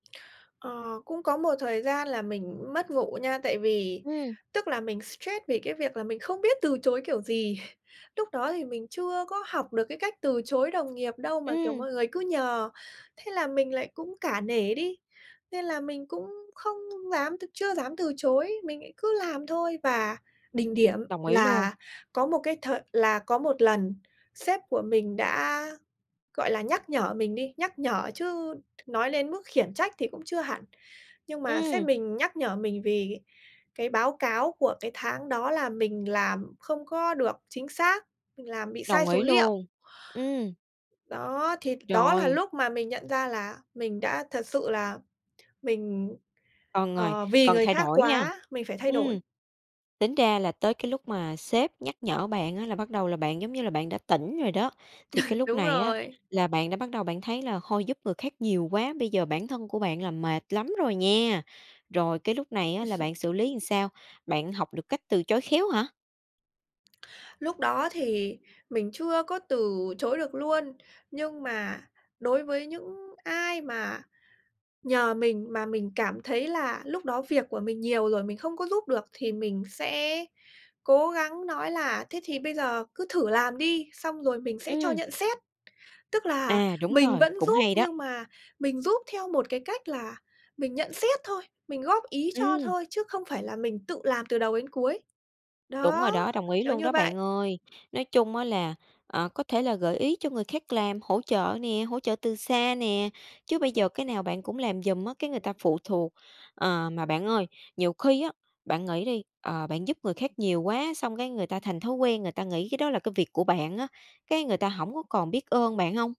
Ờ, cũng có một thời gian là mình mất ngủ nha, tại vì Ừm. tức là mình stress vì cái việc là mình không biết từ chối kiểu gì! Lúc đó thì mình chưa có học được cái cách từ chối đồng nghiệp đâu, mà, kiểu, Ừm. mọi người cứ nhờ, thế là mình lại cũng cả nể đi, nên là mình cũng không dám t chưa dám từ chối, mình lại cứ làm thôi. Và đỉnh điểm Đồng ý luôn. là có một cái thời là có một lần sếp của mình đã, gọi là, nhắc nhở mình đi, nhắc nhở chứ nói đến mức khiển trách thì cũng chưa hẳn. Nhưng mà sếp Ừm. mình nhắc nhở mình vì cái báo cáo của cái tháng đó là mình làm không có được chính xác, mình làm bị sai Đồng số ý liệu. luôn. Ừm. Đó thì đó là Rồi. lúc mà mình nhận ra là mình đã thật sự là mình, Cần rồi ờ, vì cần người thay khác đổi nha, quá, mình phải thay đổi. ừm. Tính ra là tới cái lúc mà sếp nhắc nhở bạn á, là bắt đầu là bạn, giống như là bạn đã tỉnh rồi đó, thì cái lúc Đúng này á, rồi. là bạn đã bắt đầu bạn thấy là "Thôi giúp người khác nhiều quá, bây giờ bản thân của bạn là mệt lắm rồi nhé! Rồi cái lúc này á, là bạn xử lý làm sao? Bạn học được cách từ chối khéo hả? Lúc đó thì mình chưa có từ chối được luôn, nhưng mà đối với những ai mà nhờ mình mà mình cảm thấy là lúc đó việc của mình nhiều rồi, mình không có giúp được thì mình sẽ cố gắng nói là "Thế thì bây giờ cứ thử làm đi, xong rồi mình sẽ cho Ừm. nhận xét." Tức là À, đúng mình rồi, vẫn cũng giúp hay đó. nhưng mà mình giúp theo một cái cách là mình nhận xét thôi, mình góp ý cho Ừm. thôi chứ không phải là mình tự làm từ đầu đến cuối. Đúng Đó, rồi đó, đồng ý kiểu luôn như đó bạn vậy. ơi! Nói chung á là, ờ, có thể là gợi ý cho người khác làm, hỗ trợ nè, hỗ trợ từ xa nè. Chứ bây giờ cái nào bạn cũng làm giùm á, cái người ta phụ thuộc. Ờ, mà bạn ơi, nhiều khi á, bạn nghĩ đi, ờ, bạn giúp người khác nhiều quá, xong cái người ta thành thói quen người ta nghĩ cái đó là cái việc của bạn á, cái người ta hổng có còn biết ơn bạn hông?